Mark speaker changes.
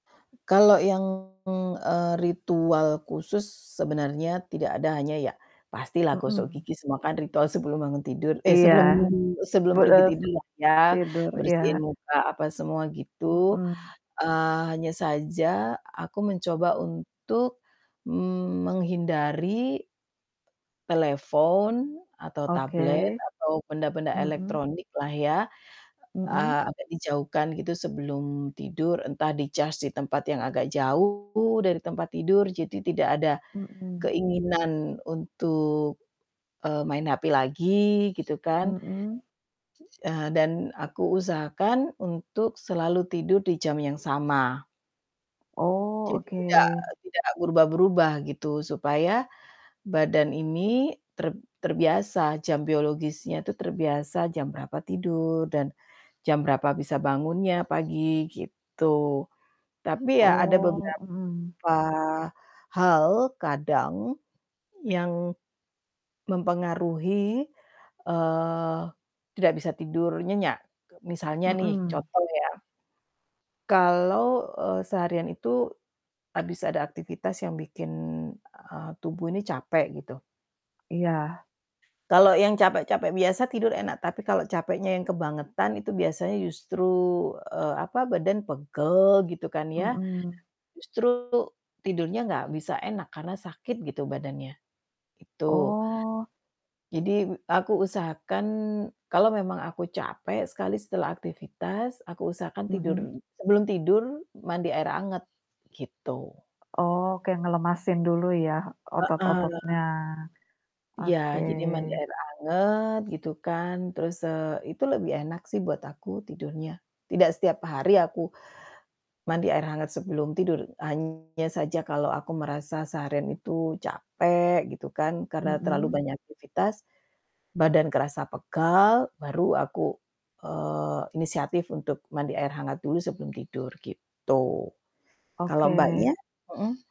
Speaker 1: Kalau yang, eee, ritual khusus sebenarnya tidak ada hanya ya, pastilah gosok
Speaker 2: Mhm.
Speaker 1: gigi semua kan ritual sebelum bangun tidur, eh
Speaker 2: Iya.
Speaker 1: sebelum sebelum
Speaker 2: Bud
Speaker 1: pergi
Speaker 2: eee,
Speaker 1: tidur lah ya,
Speaker 2: tidur,
Speaker 1: bersihin
Speaker 2: iya.
Speaker 1: muka, apa semua gitu.
Speaker 2: Mhm.
Speaker 1: Eee, hanya saja aku mencoba untuk, mmm, menghindari telepon, atau tablet,
Speaker 2: Oke.
Speaker 1: atau benda-benda
Speaker 2: Mhm.
Speaker 1: elektronik lah ya,
Speaker 2: Mmm.
Speaker 1: eee, agak dijauhkan gitu sebelum tidur. Entah di-charge di tempat yang agak jauh, dari tempat tidur, jadi tidak ada
Speaker 2: Mhm.
Speaker 1: keinginan untuk, eee, main hp lagi, gitu kan.
Speaker 2: Mmm.
Speaker 1: Eee, dan aku usahakan untuk selalu tidur di jam yang sama.
Speaker 2: Oh,
Speaker 1: Jadi
Speaker 2: oke.
Speaker 1: tidak tidak berubah-berubah gitu. Supaya badan ini, terb terbiasa, jam biologisnya itu terbiasa jam berapa tidur, dan, jam berapa bisa bangunnya pagi, gitu. Tapi ya ada
Speaker 2: Oh.
Speaker 1: beberapa
Speaker 2: Mmm.
Speaker 1: hal, kadang, yang mempengaruhi, eee, tidak bisa tidur nyenyak. Misalnya nih
Speaker 2: Mmm.
Speaker 1: contoh ya kalau, eee, seharian itu habis ada aktivitas yang bikin, eee, tubuh ini capek gitu.
Speaker 2: Iya.
Speaker 1: Kalau yang capek-capek biasa tidur enak, tapi kalau capeknya yang kebangetan itu biasanya justru, eee, apa, badan pegel gitu kan ya,
Speaker 2: Mmm.
Speaker 1: justru tidurnya nggak bisa enak, karena sakit gitu badannya, gitu.
Speaker 2: Oh.
Speaker 1: Jadi, aku usahakan, kalau memang aku capek sekali setelah aktivitas, aku usahakan tidur
Speaker 2: Mhm.
Speaker 1: sebelum tidur mandi air hangat, gitu.
Speaker 2: Oke, ngelemasin dulu ya,
Speaker 1: Heeh.
Speaker 2: otot-ototnya.
Speaker 1: Iya,
Speaker 2: Oke.
Speaker 1: jadi mandi air hangat gitu kan, terus eee, itu lebih enak sih buat aku tidurnya. Tidak setiap hari aku mandi air hangat sebelum tidur, hanya saja kalau aku merasa seharian itu capek, gitu kan. Karena terlalu
Speaker 2: Mmm.
Speaker 1: banyak aktivitas, badan kerasa pegal, baru aku, eee, inisiatif untuk mandi air hangat dulu sebelum tidur, gitu. Kalau
Speaker 2: Oke
Speaker 1: Mbaknya? Mhm?